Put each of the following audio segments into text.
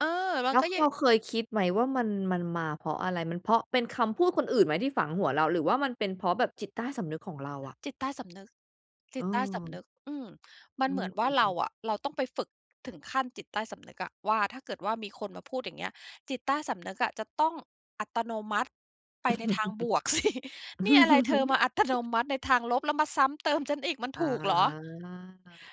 เออ แบบว่แลา้วก็ยัเรง าเคยคิดไหมว่า มัน มันมาเพราะอะไร? มันเพราะเป็นคำพูดคนอื่นไหมที่ฝังหัวเรา? หรือว่ามันเป็นเพราะแบบจิตใต้สำนึกของเราอะ? จิตใต้สำนึก จิตใต้สเอำอ นึก อืม มันอืเหมือนว่าเราอ ๆ ๆ อะ เราต้องไปฝึกถึงขั้นจิตใต้สำนึกอะว่า ถ้าเกิดว่ามีคนมาพูดอย่างเงี้ย จิตใต้สำนึกอะจะต้องอัตโนมัติไปในทางบวก สิ นี่อะไร เธอมาอัตโนมัติในทางลบ แล้วมาซ้ำเติมฉันอีกมันอา ถูกเหรอ?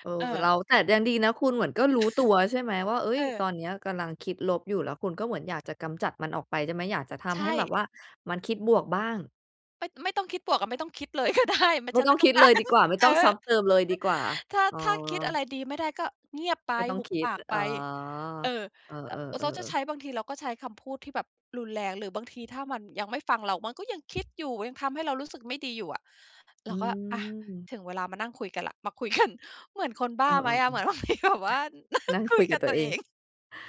เออ เแต่เรออ า แต่ยังดีนะคุณเหมือนก็รู้ตัว ใช่ไหมว่า เอ๊เย ตอออ นเนี้ยกำลังคิดลบอยู่ แล้วคุณก็เหมือนอยากจะกำจัดมันออกไปได้ไหม? อยากจะทใชำให้แบบ่ ว่า มันคิดบวกบ้าง ไม่ ไม่ต้องคิดบวกอะ ไม่ต้องคิดเลย ก็ได้ ม ไมฉ่ันตไ้อมง่ต้คอิง ดกาเลยร ดีกว่า ไม่เอต้องซอ ้ำเติมเลยดีกว่า ถ้า อ้อ ถ้าคิดอะไรดีไม่ได้ก็เงียบไป ไม่ต้องหุบคิปด ากอไ๋ป อ เออ เออ อะ เออ เขาจะใๆ ชๆ ้ บางทีเราก็ใช้คำพูดที่แบบรุนแรง หรือบางทีถ้ามันยังไม่ฟังเรา มันก็ยัง คิดอยู่ ยังทำให้เรารู้สึกไม่ดีอยู่อะ เรอืาก็ อะ ม ถึงเวลามานั่งคุยกันแล้ว มาคุย กัน เหมือนคนบเ้อาไหมอ ๆ ๆ อะ? เหมือนบางทีก็แบบว่านั่นงั่งคคุุยยกกัับบตัตวัเวอเอง ง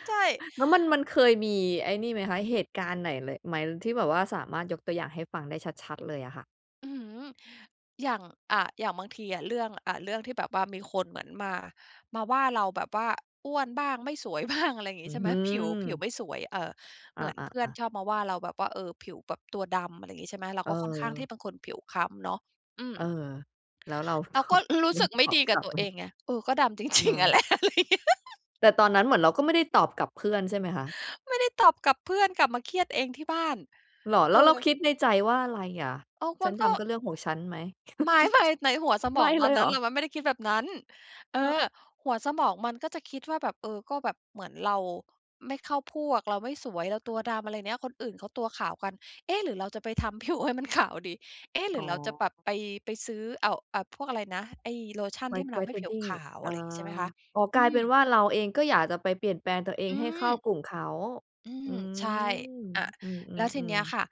ใช่ แล้วมัน มันเคยมีไอ้นี่ไหมคะ? เหตุการณ์ไหน ล ไหม ที่แบบว่าสามารถยกตัวอย่างให้ฟังได้ชัด ๆ เลยอะค่ะ? อื้อฮือ อย่าง อะ อย่างบางทีอะ เรื่อง อะ เรื่องที่แบบว่า มีคนเหมือนมา มาว่าเราแบบว่า อ้วนบ้าง ไม่สวย บ้าง อะไรอย่างงอีื้้ใชอ่ไหฮม? ืผิว ผิวอ ไม่สวย เอ่อ อเหมือนเพื่อนา ๆ ๆ ชอบมาว่า เราแบบว่า เออ ผิวแบบตัวดำ อะไรอย่างงี้ ใช่ไหม เราเก็ค่อนข้างที่ออ เป็นคนผิวคล้ำเนาะ อืม เออ แล้ว เราเรตาอก็บ รู้ รู้เรสาึกตไม่อดบีกกัลบับตัวไหม? เองไง เออ ก็ดำ จรคิ่ง ๆ อะะ แหละ อะไรเงี้ย แต่ตอนนั้นเหมือนเราก็ไม่ได้ตอบกลับเพื่อน ใช่ไหมคะ? ไม่ได้ตอบกลับเพื่อน กลับมาเครียดเองที่บ้าน เหรอ? เอแล้วเราอ คิดในใจว่าอะไรอะ? อ้าว มฉัันนดก็ ำก็เรื่องของฉันไหม? ไม่ ๆ ในหัวสมไมอ่งตเลอนยเนหัร้อ? น เรามันไม่ได้คิดแบบนั้น เอเออ อ หัวสมองมันก็จะคิดว่าแบบ เออ ก็แบบเหมือนเราไม่เข้าพวก เราไม่สวย เราตัวดำ อะไรเงี้ย คนอื่นเขาตัวขาวกัน เอ๊ะ หรือเราจะไป ทำ ผิวให้มันขาวดี เอ๊ะ หรอื๋ออ เราจะแบบไป ไปซื้อ อ้าว อ่า พวกอะไรนะ ไอ้โลชันที่มWhite ันทำให้ผิวขWhitening าว ออะา ไรอย่างงี้ ใช่ไหมคะ อ๋อ อกืลายเป็ม นว่าเราเอง ก็อยากจะไปเปลี่ยนแปลงตัวเองอืให้เข้าม กลุ่มเขา อือืม ใช่ ม อะ อืแล้วทีเนีอ ้ยๆ ๆ ค่ะ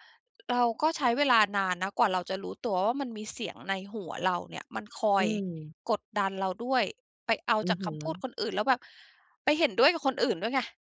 เราก็ใช้เวลานานนะกว่าเราจะรู้ตัวว่า มันมีเสียงในหัวเราเนี่ย มันคออยืม กดดันเราด้วย ไปเอาอืจอากฮคำพูดึ คนอื่น แล้วแบบไปเห็นด้วยกับคนอื่นด้วยไง